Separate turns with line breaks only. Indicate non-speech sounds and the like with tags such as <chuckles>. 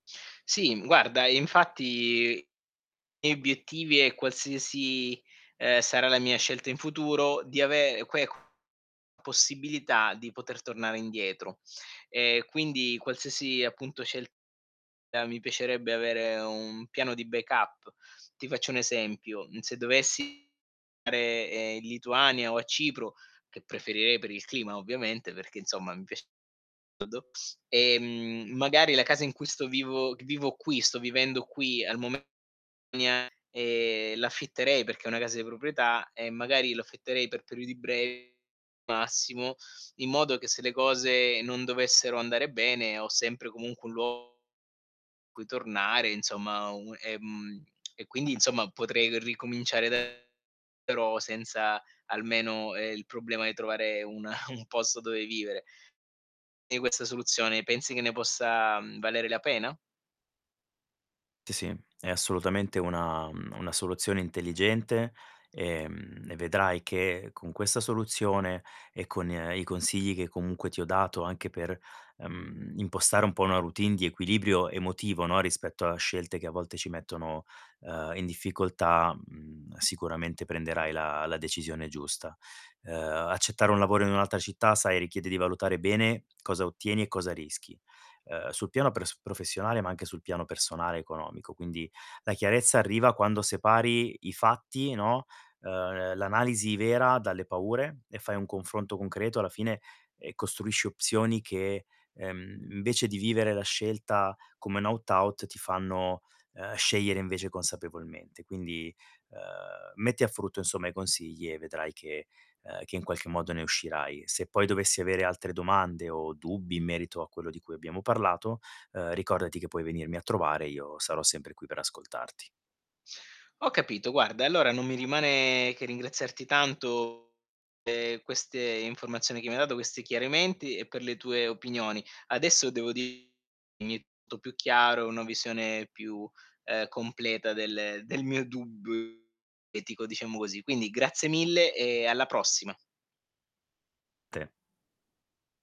Sì, guarda, infatti, i miei obiettivi e qualsiasi, ehm, sarà la mia scelta in futuro di ave que c possibilità di poter tornare indietro. E quindi qualsiasi appunto scelta mi piacerebbe avere un piano di backup. Ti faccio un esempio, mhmm, se dovessi dare in Lituania o a Cipro, che preferirei per il clima ovviamente, perché insomma mi piac <unintelligible> ehm, magari la casa in cui sto vivo vivo qui sto vivendo qui al mome <unintelligible> e l'affitterei perché è una casa di proprietà e magari l'affitterei per periodi brevi massimo, in modo che se le cose non dovessero andare bene, ho sempre comunque un luogo cui tornare insomma, un ehm, e quindi insomma potrei ricominciare da <unintelligible> però senza almeno, ehm, il problema di trovare una <chuckles> un posto dove vivere. E questa soluzione pensi che ne possa, mhmm, valere la pena?
Sì, sì, è assolutamente una mhmm, una soluzione intelligente, ehm, e vedrai che con questa soluzione e con i consigli che comunque ti ho dato anche per, ehm, impostare un po' una routine di equilibrio emotivo, no, rispetto a scelte che a volte ci mettono, ehm, in difficoltà, mhmm, sicuramente prenderai la la decisione giusta. Ehm, accettare un lavoro in un'altra città, sai, richiede di valutare bene cosa ottieni e cosa rischi, uhm, sul piano pres professionale ma anche sul piano personale e economico. Quindi la chiarezza arriva quando separi i fatti, no, ehm, l'analisi vera dalle paure e fai un confronto concreto, alla fine, eh, costruisci opzioni che, ehm, invece di vivere la scelta come un aut aut, ti fanno, ehm, scegliere invece consapevolmente. Quindi, ehm, metti a frutto insomma i consigli e vedrai che, ehm, che in qualche modo ne uscirai. Se poi dovessi avere altre domande o dubbi in merito a quello di cui abbiamo parlato, ehm, ricordati che puoi venirmi a trovare, io sarò sempre qui per ascoltarti.
Ho capito, guarda, allora non mi rimane che ringraziarti tanto pe' queste informazioni che mi hai dato, questi chiarimenti e per le tue opinioni. Adesso devo <unintelligible> più chiaro, una visione più, ehm, completa del del mio dubbio etico, diciamo così. Quindi grazie mille e alla prossima.
Te.